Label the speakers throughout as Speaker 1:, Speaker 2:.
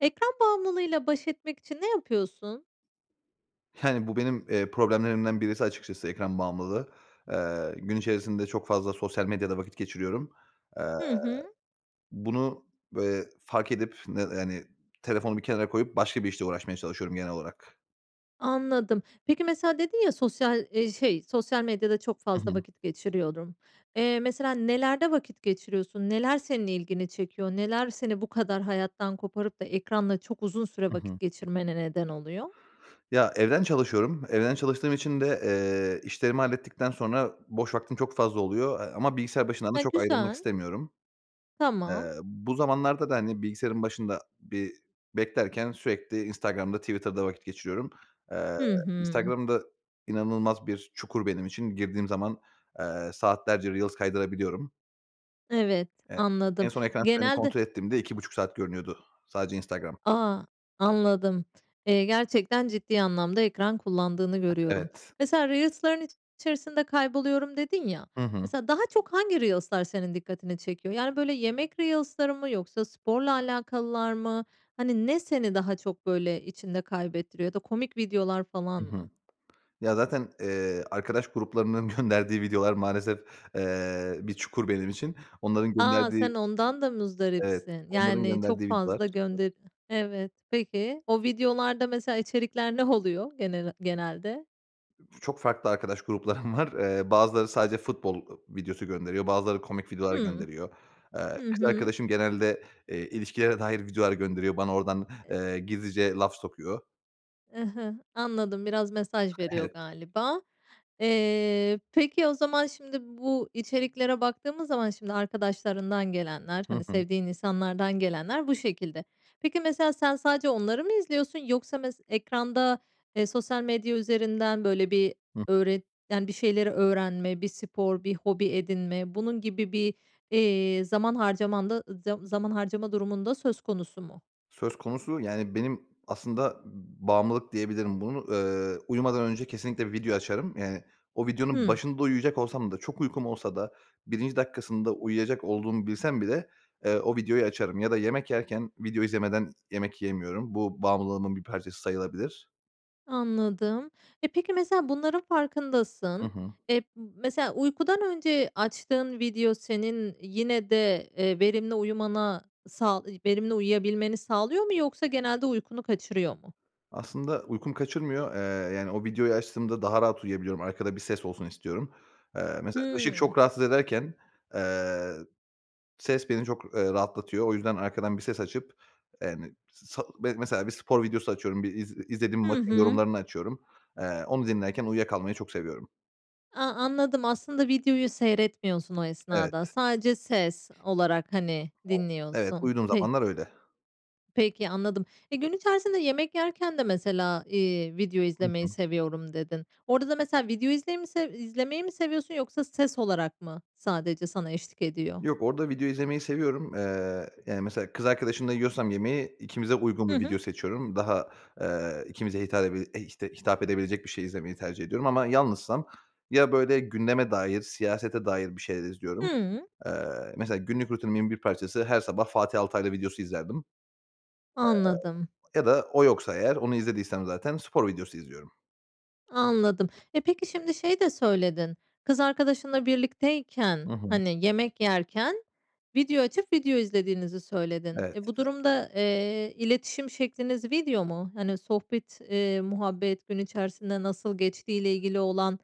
Speaker 1: Ekran bağımlılığıyla baş etmek için ne yapıyorsun?
Speaker 2: Yani, bu benim, eee, problemlerimden birisi açıkçası, ekran bağımlılığı. Eee, gün içerisinde çok fazla sosyal medyada vakit geçiriyorum. Eee,
Speaker 1: Hı hı.
Speaker 2: bunu, eee, fark edip, ne yani, telefonu bir kenara koyup başka bir işle uğraşmaya çalışıyorum genel olarak.
Speaker 1: Anladım. Peki mesela, dedin ya, sosyal, eee, şey, "Sosyal medyada çok
Speaker 2: Hı
Speaker 1: fazla
Speaker 2: hı.
Speaker 1: vakit geçiriyorum." Eee, mesela, nelerde vakit geçiriyorsun? Neler senin ilgini çekiyor? Neler seni bu kadar hayattan koparıp da ekranda çok uzun süre
Speaker 2: I
Speaker 1: vakit
Speaker 2: hı.
Speaker 1: geçirmene neden oluyor?
Speaker 2: Ya, evden çalışıyorum. Evden çalıştığım için de, eee, işlerimi hallettikten sonra boş vaktim çok fazla oluyor, eee, ama bilgisayar başından da
Speaker 1: E,
Speaker 2: çok ayrılmak
Speaker 1: güzel.
Speaker 2: istemiyorum.
Speaker 1: Tamam.
Speaker 2: Eee, bu zamanlarda da, hani, bilgisayarın başında bir beklerken sürekli Instagram'da, Twitter'da vakit geçiriyorum. Eee,
Speaker 1: Hı hı.
Speaker 2: Instagram da inanılmaz bir çukur benim için. Girdiğim zaman, eee, saatlerce reels kaydırabiliyorum.
Speaker 1: Evet,
Speaker 2: E en
Speaker 1: anladım.
Speaker 2: son ekran kaydımı
Speaker 1: Genelde
Speaker 2: kontrol ettiğimde 2,5 saat görünüyordu, sadece Instagram.
Speaker 1: A! Anladım. Eee, gerçekten ciddi anlamda ekran kullandığını görüyorum.
Speaker 2: Evet.
Speaker 1: Mesela, "Reels'ların içerisinde kayboluyorum." dedin ya.
Speaker 2: Hı hı.
Speaker 1: Mesela daha çok hangi reels'lar senin dikkatini çekiyor? Yani, böyle, yemek reels'ları mı yoksa sporla alakalılar mı? Hani, ne seni daha çok, böyle, içinde kaybettiriyor? Ya da komik videolar falan
Speaker 2: I
Speaker 1: mı?
Speaker 2: hı. Ya, zaten, eee, arkadaş gruplarının gönderdiği videolar maalesef, eee, bir çukur benim için. Onların
Speaker 1: A!
Speaker 2: gönderdiği
Speaker 1: Sen ondan da
Speaker 2: Evet,
Speaker 1: muzdaripsin.
Speaker 2: onların
Speaker 1: Yani,
Speaker 2: gönderdiği
Speaker 1: çok
Speaker 2: videolar.
Speaker 1: fazla gönde Evet. Peki. O videolarda mesela içerikler ne oluyor genel genelde?
Speaker 2: Ç çok farklı arkadaş gruplarım var. Eee, bazıları sadece futbol, ııı, videosu gönderiyor. Bazıları komik videolar
Speaker 1: Hımm.
Speaker 2: gönderiyor. Eee,
Speaker 1: Hı
Speaker 2: kız
Speaker 1: hı.
Speaker 2: arkadaşım genelde, eee, ilişkilere dair videolar gönderiyor. Bana oradan, eee, gizlice laf sokuyor.
Speaker 1: Hı hı, anladım, biraz mesaj veriyor
Speaker 2: Evet.
Speaker 1: galiba. Eee, peki, o zaman, şimdi, bu içeriklere baktığımız zaman, şimdi, arkadaşlarından gelenler,
Speaker 2: Hı
Speaker 1: hani,
Speaker 2: hı.
Speaker 1: sevdiğin insanlardan gelenler bu şekilde. Peki, mesela, sen sadece onları mı izliyorsun yoksa mes ekranda, eee, sosyal medya üzerinden, böyle, bir
Speaker 2: Hıh.
Speaker 1: öğret yani, bir şeyleri öğrenme, bir spor, bir hobi edinme, bunun gibi bir, iii, zaman harcaman da zam zaman harcama durumunda söz konusu mu?
Speaker 2: Söz konusu, yani, benim aslında, ımm, bağımlılık diyebilirim. Bunu, ııı, uyumadan önce kesinlikle video açarım. Yani, o videonun
Speaker 1: Hımm.
Speaker 2: başında uyuyacak olsam da, çok uykum olsa da 1'nci dakikasında uyuyacak olduğumu bilsem bile, eee, o videoyu açarım ya da yemek yerken video izlemeden yemek yiyemiyorum. Bu bağımlılığımın bir parçası sayılabilir.
Speaker 1: Anladım. E, peki, mesela, bunların
Speaker 2: Hı
Speaker 1: farkındasın,
Speaker 2: hı.
Speaker 1: eee, mesela, uykudan önce açtığın video senin yine de, eee, verimli uyumana, sağ verimli uyuyabilmeni sağlıyor mu yoksa genelde uykunu kaçırıyor mu?
Speaker 2: Aslında uykumu kaçırmıyor. Eee, yani, o videoyu açtığımda daha rahat uyuyabiliyorum. Arkada bir ses olsun istiyorum. Eee, mesela, ışık
Speaker 1: Hımm.
Speaker 2: çok rahatsız ederken, eee, ses beni çok, eee, rahatlatıyor. O yüzden arkadan bir ses açıp, eee, yani, sal mesela, bir spor videosu açıyorum. Bir iz izlediğim
Speaker 1: Hı
Speaker 2: maçın
Speaker 1: hı.
Speaker 2: yorumlarını açıyorum. Eee, onu dinlerken uyuya kalmayı çok seviyorum.
Speaker 1: A, anladım. Aslında videoyu seyretmiyorsun o esnada.
Speaker 2: Evet.
Speaker 1: Sadece ses olarak hani
Speaker 2: [unintelligible] Evet.
Speaker 1: dinliyorsun?
Speaker 2: Uyuduğum
Speaker 1: Pek
Speaker 2: zamanlar öyle.
Speaker 1: Peki, anladım. E, gün içerisinde yemek yerken de mesela, iii, video
Speaker 2: Hı
Speaker 1: izlemeyi
Speaker 2: hı.
Speaker 1: seviyorum dedin. Orada da mesela video izley mi sev izlemeyi mi seviyorsun yoksa ses olarak mı sadece sana eşlik ediyor?
Speaker 2: Yok, orada video izlemeyi seviyorum. Eee, yani, mesela kız arkadaşımla yiyorsam yemeği, ikimize uygun
Speaker 1: Hı
Speaker 2: bir
Speaker 1: hı.
Speaker 2: video seçiyorum. Daha, eee, ikimize hitap edeb işte, hitap edebilecek bir şey izlemeyi tercih ediyorum. Ama yalnızsam ya böyle gündeme dair, siyasete dair bir şeyler izliyorum.
Speaker 1: Hıı.
Speaker 2: Eee, mesela günlük rutinimin bir parçası her sabah Fatih Altaylı videosu izlerdim.
Speaker 1: Anladım.
Speaker 2: Eee, ya da o yoksa eğer, onu izlediysem zaten spor videosu izliyorum.
Speaker 1: Anladım, e, peki, şimdi şey de söyledin, kız arkadaşınla
Speaker 2: Hı
Speaker 1: birlikteyken,
Speaker 2: hı.
Speaker 1: hani, yemek yerken video açıp video izlediğinizi söyledin.
Speaker 2: Evet.
Speaker 1: E, bu durumda, eee, iletişim şekliniz video mu? Hani, sohbet, ııı, muhabbet gün içerisinde nasıl geçtiğiyle ilgili olan,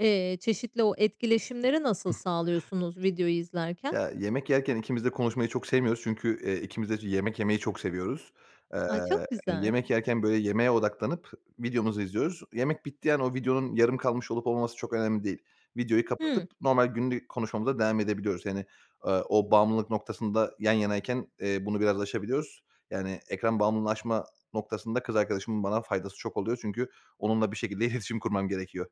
Speaker 1: eee, çeşitli o etkileşimleri nasıl sağlıyorsunuz videoyu izlerken?
Speaker 2: Ya, yemek yerken ikimiz de konuşmayı çok sevmiyoruz çünkü, eee, ikimiz de yemek yemeyi çok seviyoruz. Eee,
Speaker 1: A, çok güzel.
Speaker 2: yemek yerken, böyle, yemeğe odaklanıp videomuzu izliyoruz. Yemek bittiği an o videonun yarım kalmış olup olmaması çok önemli değil. Videoyu
Speaker 1: Hıı.
Speaker 2: kapatıp normal günlük konuşmamıza devam edebiliyoruz. Yani, ııı, o bağımlılık noktasında yan yanayken, eee, bunu biraz aşabiliyoruz. Yani, ekran bağımlılığını aşma noktasında kız arkadaşımın bana faydası çok oluyor. Çünkü onunla bir şekilde iletişim kurmam gerekiyor.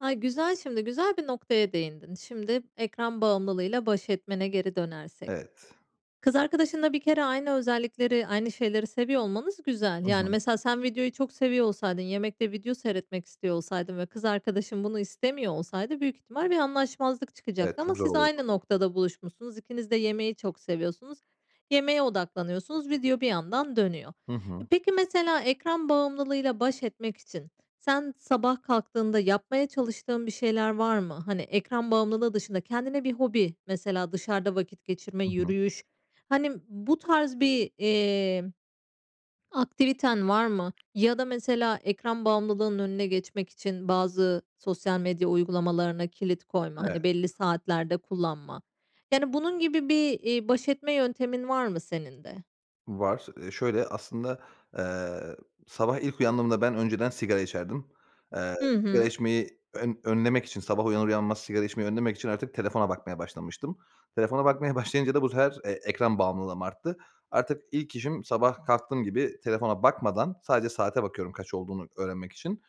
Speaker 1: Ay, güzel, şimdi güzel bir noktaya değindin. Şimdi ekran bağımlılığıyla baş etmene geri dönersek.
Speaker 2: Evet.
Speaker 1: Kız arkadaşınla bir kere aynı özellikleri, aynı şeyleri seviyor olmanız güzel.
Speaker 2: Hı
Speaker 1: Yani,
Speaker 2: hı.
Speaker 1: mesela sen videoyu çok seviyor olsaydın, yemekte video seyretmek istiyor olsaydın ve kız arkadaşın bunu istemiyor olsaydı büyük ihtimal bir anlaşmazlık
Speaker 2: Evet,
Speaker 1: çıkacaktı ama
Speaker 2: çok zor
Speaker 1: siz
Speaker 2: olurdu.
Speaker 1: aynı noktada buluşmuşsunuz. İkiniz de yemeği çok seviyorsunuz. Yemeğe odaklanıyorsunuz. Video bir yandan dönüyor.
Speaker 2: Hı
Speaker 1: E,
Speaker 2: hı.
Speaker 1: peki mesela ekran bağımlılığıyla baş etmek için sen sabah kalktığında yapmaya çalıştığın bir şeyler var mı? Hani, ekran bağımlılığı dışında kendine bir hobi, mesela dışarıda vakit geçirme,
Speaker 2: Hı hı.
Speaker 1: yürüyüş. Hani, bu tarz bir, iii, aktiviten var mı? Ya da mesela ekran bağımlılığının önüne geçmek için bazı sosyal medya uygulamalarına kilit koyma,
Speaker 2: Evet.
Speaker 1: hani, belli saatlerde kullanma. Yani, bunun gibi bir, iii, baş etme yöntemin var mı senin de?
Speaker 2: Var. Iıı, şöyle, aslında, ııı, sabah ilk uyandığımda ben önceden sigara içerdim. Eee,
Speaker 1: Hı
Speaker 2: sigara
Speaker 1: hı.
Speaker 2: içmeyi ön önlemek için, sabah uyanır uyanmaz sigara içmeyi önlemek için artık telefona bakmaya başlamıştım. Telefona bakmaya başlayınca da bu sefer, eee, ekran bağımlılığım arttı. Artık ilk işim sabah kalktığım gibi telefona bakmadan sadece saate bakıyorum kaç olduğunu öğrenmek için.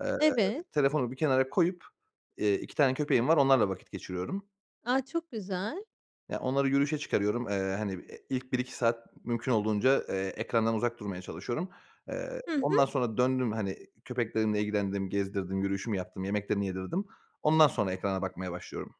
Speaker 2: Eee,
Speaker 1: Evet.
Speaker 2: telefonu bir kenara koyup, iii, 2 tane köpeğim var onlarla vakit geçiriyorum.
Speaker 1: A, çok güzel.
Speaker 2: Ya, onları yürüyüşe çıkarıyorum. Eee, hani, e ilk 1-2 saat mümkün olduğunca, eee, ekrandan uzak durmaya çalışıyorum. Eee,
Speaker 1: Hı hı.
Speaker 2: ondan sonra döndüm, hani, köpeklerimle ilgilendim, gezdirdim, yürüyüşümü yaptım, yemeklerini yedirdim. Ondan sonra ekrana bakmaya başlıyorum.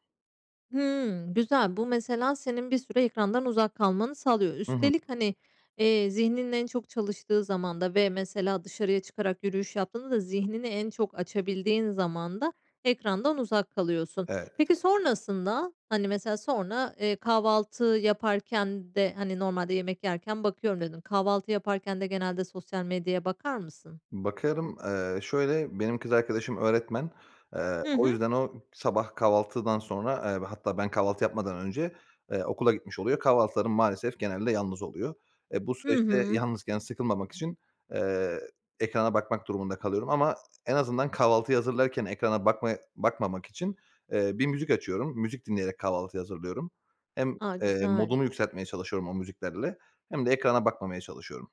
Speaker 1: Hıı, güzel. Bu mesela senin bir süre ekrandan uzak kalmanı sağlıyor.
Speaker 2: Hı hı.
Speaker 1: Üstelik hani, eee, zihninin en çok çalıştığı zamanda ve mesela dışarıya çıkarak yürüyüş yaptığında da zihnini en çok açabildiğin zamanda ekrandan uzak kalıyorsun.
Speaker 2: Evet.
Speaker 1: Peki, sonrasında? Hani, mesela sonra, eee, kahvaltı yaparken de hani, "Normalde yemek yerken bakıyorum." dedin. Kahvaltı yaparken de genelde sosyal medyaya bakar mısın?
Speaker 2: Bakarım. Eee, şöyle benim kız arkadaşım öğretmen. Eee,
Speaker 1: Hı
Speaker 2: o
Speaker 1: hı.
Speaker 2: yüzden o, sabah kahvaltıdan sonra, eee, ve hatta ben kahvaltı yapmadan önce, eee, okula gitmiş oluyor. Kahvaltılarım maalesef genelde yalnız oluyor. E, bu
Speaker 1: Hı
Speaker 2: süreçte
Speaker 1: hı.
Speaker 2: yalnızken sıkılmamak için, eee, ekrana bakmak durumunda kalıyorum. Ama en azından kahvaltıyı hazırlarken ekrana bakma bakmamak için, eee, bir müzik açıyorum. Müzik dinleyerek kahvaltıyı hazırlıyorum. Hem,
Speaker 1: A!
Speaker 2: eee,
Speaker 1: Güzel.
Speaker 2: modumu yükseltmeye çalışıyorum o müziklerle hem de ekrana bakmamaya çalışıyorum.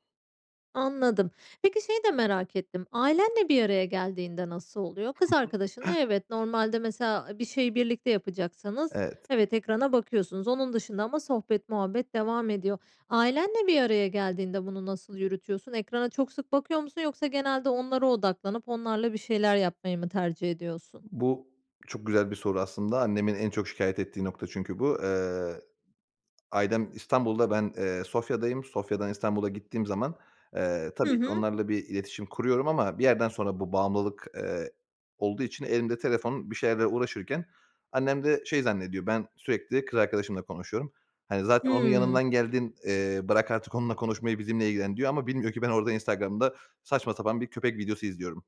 Speaker 1: Anladım. Peki, şeyi de merak ettim; ailenle bir araya geldiğinde nasıl oluyor? Kız arkadaşınla evet, normalde mesela bir şeyi birlikte yapacaksanız
Speaker 2: Evet.
Speaker 1: evet, ekrana bakıyorsunuz. Onun dışında ama sohbet muhabbet devam ediyor. Ailenle bir araya geldiğinde bunu nasıl yürütüyorsun? Ekrana çok sık bakıyor musun yoksa genelde onlara odaklanıp onlarla bir şeyler yapmayı mı tercih ediyorsun?
Speaker 2: Bu, çok güzel bir soru aslında. Annemin en çok şikâyet ettiği nokta çünkü bu. Eee, ailem İstanbul'da ben, eee, Sofya'dayım. Sofya'dan İstanbul'a gittiğim zaman, eee,
Speaker 1: Hı
Speaker 2: tabii ki
Speaker 1: hı.
Speaker 2: onlarla bir iletişim kuruyorum ama bir yerden sonra bu bağımlılık, eee, olduğu için elimde telefon bir şeylerle uğraşırken annem de şey zannediyor; ben sürekli kız arkadaşımla konuşuyorum. Hani, "Zaten onun
Speaker 1: Hıı.
Speaker 2: yanından geldin, eee, bırak artık onunla konuşmayı, bizimle ilgilen." diyor ama bilmiyor ki ben orada Instagram'da saçma sapan bir köpek videosu izliyorum.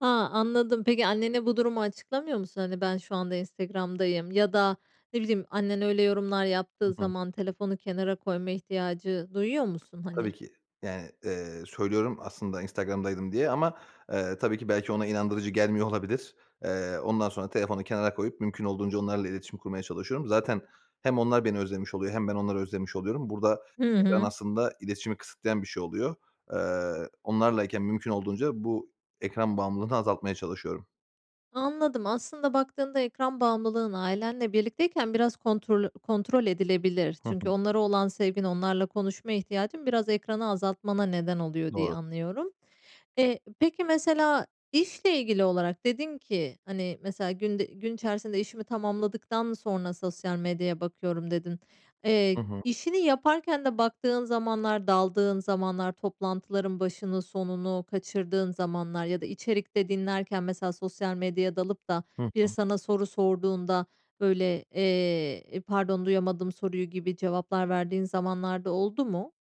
Speaker 1: A, anladım. Peki, annene bu durumu açıklamıyor musun? Hani, "Ben şu anda Instagram'dayım." ya da ne bileyim annen öyle yorumlar yaptığı
Speaker 2: Hı hı.
Speaker 1: zaman telefonu kenara koyma ihtiyacı duyuyor musun
Speaker 2: Tabii
Speaker 1: hani?
Speaker 2: ki. Yani, eee, söylüyorum aslında Instagram'daydım diye ama, eee, tabii ki belki ona inandırıcı gelmiyor olabilir. Eee, ondan sonra telefonu kenara koyup mümkün olduğunca onlarla iletişim kurmaya çalışıyorum. Zaten hem onlar beni özlemiş oluyor hem ben onları özlemiş oluyorum. Burada
Speaker 1: Hı
Speaker 2: ekran
Speaker 1: hı.
Speaker 2: aslında iletişimi kısıtlayan bir şey oluyor. Eee, onlarlayken mümkün olduğunca bu ekran bağımlılığını azaltmaya çalışıyorum.
Speaker 1: Anladım. Aslında baktığında ekran bağımlılığın ailenle birlikteyken biraz kontrol kontrol edilebilir.
Speaker 2: Hı
Speaker 1: Çünkü
Speaker 2: hı.
Speaker 1: onlara olan sevgin, onlarla konuşma ihtiyacın biraz ekranı azaltmana neden oluyor diye
Speaker 2: Doğru.
Speaker 1: anlıyorum. Eee, peki mesela işle ilgili olarak dedin ki, hani, mesela, "Günde gün içerisinde işimi tamamladıktan sonra sosyal medyaya bakıyorum." dedin.
Speaker 2: Hı
Speaker 1: Eee,
Speaker 2: hı.
Speaker 1: işini yaparken de baktığın zamanlar, daldığın zamanlar, toplantıların başını sonunu kaçırdığın zamanlar ya da içerikte dinlerken mesela sosyal medyaya dalıp da
Speaker 2: Hı
Speaker 1: biri
Speaker 2: hı.
Speaker 1: sana soru sorduğunda, böyle, eee, "İii, pardon, duyamadım soruyu?" gibi cevaplar verdiğin zamanlar da oldu mu?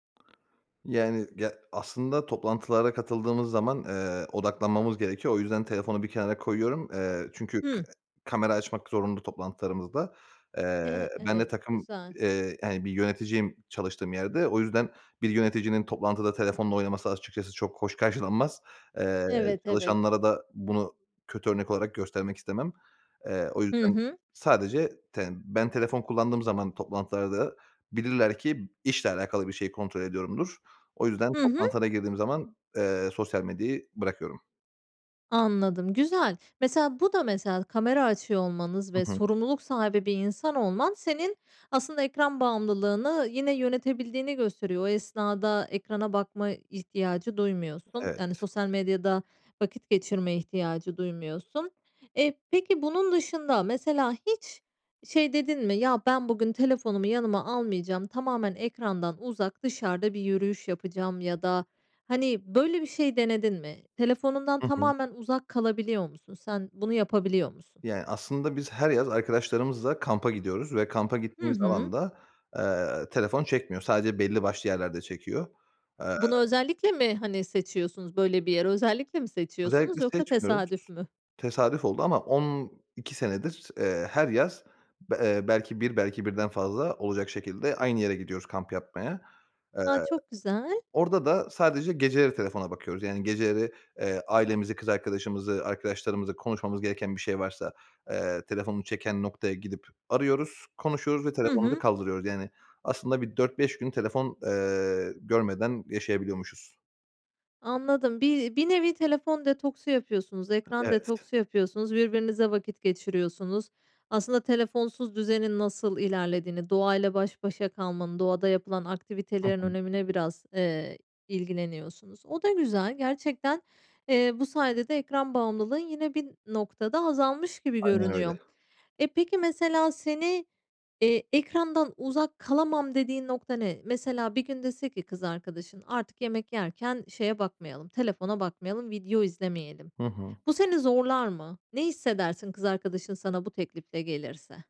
Speaker 2: Yani, ya aslında toplantılara katıldığımız zaman, eee, odaklanmamız gerekiyor. O yüzden telefonu bir kenara koyuyorum. Eee, çünkü ka
Speaker 1: Hı.
Speaker 2: kamera açmak zorunlu toplantılarımızda. Eee,
Speaker 1: Eee,
Speaker 2: ben de
Speaker 1: evet.
Speaker 2: takım
Speaker 1: Güzel.
Speaker 2: eee, yani, bir yöneticiyim çalıştığım yerde. O yüzden bir yöneticinin toplantıda telefonla oynaması açıkçası çok hoş karşılanmaz. Eee,
Speaker 1: Evet, evet.
Speaker 2: çalışanlara da bunu kötü örnek olarak göstermek istemem. Eee, o
Speaker 1: Hı
Speaker 2: yüzden
Speaker 1: hı.
Speaker 2: sadece ten ben telefon kullandığım zaman toplantılarda bilirler ki işle alakalı bir şey kontrol ediyorumdur. O yüzden
Speaker 1: Hı hı.
Speaker 2: toplantılara girdiğim zaman, eee, sosyal medyayı bırakıyorum.
Speaker 1: Anladım. Güzel. Mesela, bu da mesela kamera açıyor olmanız ve
Speaker 2: Hı hı.
Speaker 1: sorumluluk sahibi bir insan olman senin aslında ekran bağımlılığını yine yönetebildiğini gösteriyor. O esnada ekrana bakma ihtiyacı duymuyorsun. Yani,
Speaker 2: Evet.
Speaker 1: sosyal medyada vakit geçirme ihtiyacı duymuyorsun. Eee, peki bunun dışında mesela hiç şey dedin mi, "Ya, ben bugün telefonumu yanıma almayacağım, tamamen ekrandan uzak, dışarıda bir yürüyüş yapacağım." ya da, hani, böyle bir şey denedin mi? Telefonundan
Speaker 2: Hı hı.
Speaker 1: tamamen uzak kalabiliyor musun? Sen bunu yapabiliyor musun?
Speaker 2: Yani, aslında biz her yaz arkadaşlarımızla kampa gidiyoruz ve kampa
Speaker 1: Hı
Speaker 2: gittiğimiz
Speaker 1: hı.
Speaker 2: alanda, eee, telefon çekmiyor. Sadece belli başlı yerlerde çekiyor. Eee
Speaker 1: Bunu özellikle mi, hani, seçiyorsunuz böyle bir yer? Özellikle mi seçiyorsunuz
Speaker 2: Özellikle
Speaker 1: yoksa
Speaker 2: seçmiyoruz.
Speaker 1: tesadüf mü?
Speaker 2: Tesadüf oldu ama 12 senedir, eee, her yaz, b eee, belki 1, belki birden fazla olacak şekilde aynı yere gidiyoruz kamp yapmaya. Eee,
Speaker 1: A, çok güzel.
Speaker 2: orada da sadece geceleri telefona bakıyoruz. Yani, geceleri, eee, ailemizi, kız arkadaşımızı, arkadaşlarımızla konuşmamız gereken bir şey varsa, eee, telefonu çeken noktaya gidip arıyoruz, konuşuyoruz ve
Speaker 1: Hı
Speaker 2: telefonu da
Speaker 1: hı.
Speaker 2: kaldırıyoruz. Yani, aslında bir 4-5 gün telefon, eee, görmeden yaşayabiliyormuşuz.
Speaker 1: Anladım. Bir bir nevi telefon detoksu yapıyorsunuz, ekran
Speaker 2: Evet.
Speaker 1: detoksu yapıyorsunuz, birbirinizle vakit geçiriyorsunuz. Aslında telefonsuz düzenin nasıl ilerlediğini, doğayla baş başa kalmanın, doğada yapılan
Speaker 2: Hı
Speaker 1: aktivitelerin
Speaker 2: hı.
Speaker 1: önemine biraz, eee, ilgileniyorsunuz. O da güzel. Gerçekten, eee, bu sayede de ekran bağımlılığın yine bir noktada azalmış gibi
Speaker 2: Aynen öyle.
Speaker 1: görünüyor. E, peki, mesela, seni, eee, ekrandan uzak kalamam dediğin nokta ne? Mesela bir gün dese ki kız arkadaşın, "Artık yemek yerken şeye bakmayalım, telefona bakmayalım, video izlemeyelim."
Speaker 2: Hı hı.
Speaker 1: Bu seni zorlar mı? Ne hissedersin kız arkadaşın sana bu teklifle gelirse?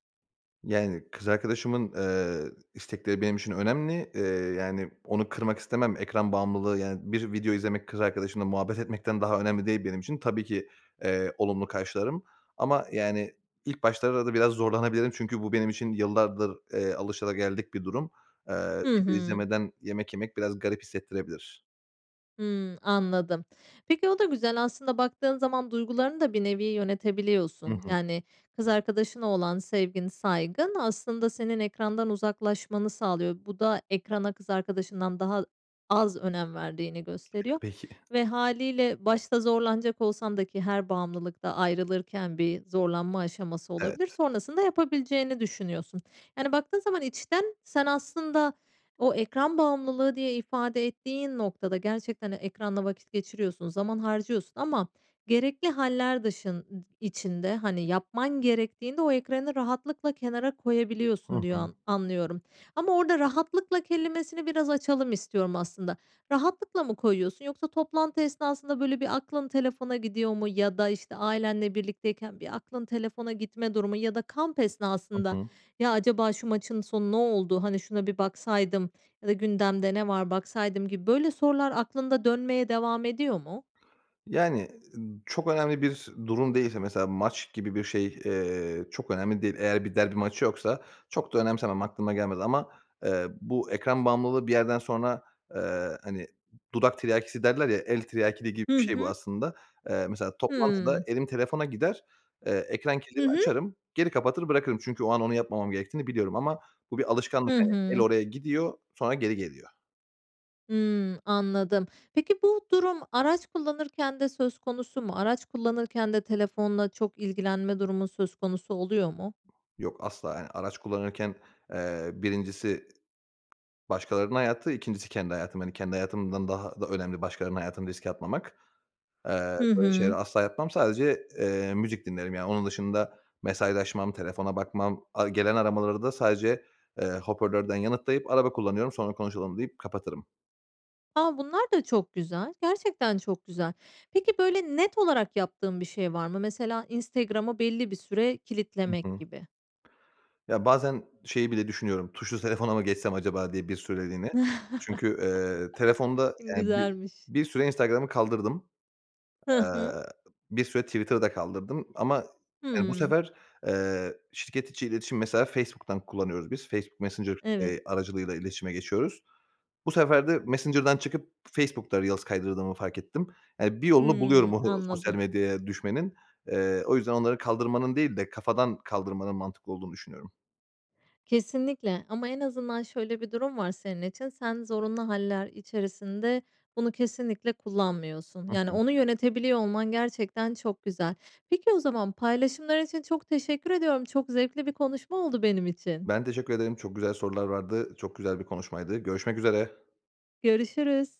Speaker 2: Yani, kız arkadaşımın, eee, istekleri benim için önemli. Eee, yani, onu kırmak istemem. Ekran bağımlılığı, yani, bir video izlemek kız arkadaşımla muhabbet etmekten daha önemli değil benim için. Tabii ki, eee, olumlu karşılarım. Ama, yani, ilk başlarda da biraz zorlanabilirim çünkü bu benim için yıllardır, eee, alışılageldik bir durum. Eee,
Speaker 1: Hı
Speaker 2: video
Speaker 1: hı.
Speaker 2: izlemeden yemek yemek biraz garip hissettirebilir.
Speaker 1: Hımm, anladım. Peki o da güzel. Aslında baktığın zaman duygularını da bir nevi
Speaker 2: Hı
Speaker 1: yönetebiliyorsun.
Speaker 2: hı.
Speaker 1: Yani, kız arkadaşına olan sevgin, saygın aslında senin ekrandan uzaklaşmanı sağlıyor. Bu da ekrana kız arkadaşından daha az önem verdiğini gösteriyor
Speaker 2: Peki.
Speaker 1: ve hâliyle başta zorlanacak olsan da ki her bağımlılıkta ayrılırken bir zorlanma aşaması olabilir.
Speaker 2: Evet.
Speaker 1: Sonrasında yapabileceğini düşünüyorsun. Yani, baktığın zaman içten sen aslında o ekran bağımlılığı diye ifade ettiğin noktada gerçekten de ekranda vakit geçiriyorsun, zaman harcıyorsun ama gerekli hâller dışın içinde, hani, yapman gerektiğinde o ekranı rahatlıkla kenara
Speaker 2: Hı
Speaker 1: koyabiliyorsun
Speaker 2: hı.
Speaker 1: diyor anlıyorum. Ama orada rahatlıkla kelimesini biraz açalım istiyorum aslında. Rahatlıkla mı koyuyorsun yoksa toplantı esnasında, böyle, bir aklın telefona gidiyor mu ya da, işte, ailenle birlikteyken bir aklın telefona gitme durumu ya da kamp
Speaker 2: Hı
Speaker 1: esnasında,
Speaker 2: hı.
Speaker 1: "Ya, acaba şu maçın sonu ne oldu? Hani, şuna bir baksaydım ya da gündemde ne var baksaydım." gibi, böyle, sorular aklında dönmeye devam ediyor mu?
Speaker 2: Yani, ı çok önemli bir durum değilse, mesela maç gibi bir şey, eee, çok önemli değil. Eğer bir derbi maçı yoksa çok da önemsemem, aklıma gelmez ama, eee, bu ekran bağımlılığı bir yerden sonra, eee, hani, dudak tiryakisi derler, ya, el tiryakiliği gibi
Speaker 1: Hı
Speaker 2: bir şey bu
Speaker 1: hı.
Speaker 2: aslında. Eee, mesela toplantıda
Speaker 1: Hıı.
Speaker 2: elim telefona gider, eee, ekran
Speaker 1: Hı
Speaker 2: kilidini
Speaker 1: hı.
Speaker 2: açarım, geri kapatır, bırakırım. Çünkü o an onu yapmamam gerektiğini biliyorum ama bu bir alışkanlık.
Speaker 1: Hı
Speaker 2: Hani, el
Speaker 1: hı.
Speaker 2: oraya gidiyor. Sonra geri geliyor.
Speaker 1: Hımm, anladım. Peki, bu durum araç kullanırken de söz konusu mu? Araç kullanırken de telefonla çok ilgilenme durumun söz konusu oluyor mu?
Speaker 2: Yok asla, yani, araç kullanırken, ııı, 1'incisi başkalarının hayatı, 2'ncisi kendi hayatım. Hani, kendi hayatımdan daha da önemli başkalarının hayatını riske atmamak. Eee,
Speaker 1: Hı
Speaker 2: böyle şeyleri
Speaker 1: hı.
Speaker 2: asla yapmam. Sadece, eee, müzik dinlerim yani. Onun dışında mesajlaşmam, telefona bakmam, ar gelen aramaları da sadece, ııı, hoparlörden yanıtlayıp, "Araba kullanıyorum, sonra konuşalım." deyip kapatırım.
Speaker 1: A! Bunlar da çok güzel. Gerçekten çok güzel. Peki, böyle net olarak yaptığın bir şey var mı? Mesela Instagram'ı belli bir süre
Speaker 2: Hı
Speaker 1: kilitlemek
Speaker 2: hı.
Speaker 1: gibi.
Speaker 2: Ya, bazen şeyi bile düşünüyorum; "Tuşlu telefona mı geçsem acaba?" diye bir süreliğine. Çünkü, ııı, telefonda, yani, bi
Speaker 1: Güzelmiş.
Speaker 2: bir süre Instagram'ı kaldırdım.
Speaker 1: Hı
Speaker 2: Eee,
Speaker 1: hı.
Speaker 2: bir süre Twitter'ı da kaldırdım. Ama, yani, bu
Speaker 1: Hıı.
Speaker 2: sefer, ııı, şirket içi iletişim -mesela Facebook'tan kullanıyoruz biz Facebook Messenger,
Speaker 1: Evet.
Speaker 2: iii, aracılığıyla iletişime geçiyoruz. Bu sefer de Messenger'dan çıkıp Facebook'ta reels kaydırdığımı fark ettim. Yani, bir yolunu buluyorum
Speaker 1: Hıı,
Speaker 2: o sosyal
Speaker 1: anladım.
Speaker 2: medyaya düşmenin. Eee, o yüzden onları kaldırmanın değil de kafadan kaldırmanın mantıklı olduğunu düşünüyorum.
Speaker 1: Kesinlikle. Ama en azından şöyle bir durum var senin için; sen zorunlu hâller içerisinde bunu kesinlikle kullanmıyorsun.
Speaker 2: Hı
Speaker 1: Yani,
Speaker 2: hı.
Speaker 1: onu yönetebiliyor olman gerçekten çok güzel. Peki o zaman, paylaşımlar için çok teşekkür ediyorum. Çok zevkli bir konuşma oldu benim için.
Speaker 2: Ben, teşekkür ederim. Çok güzel sorular vardı. Çok güzel bir konuşmaydı. Görüşmek üzere.
Speaker 1: Görüşürüz.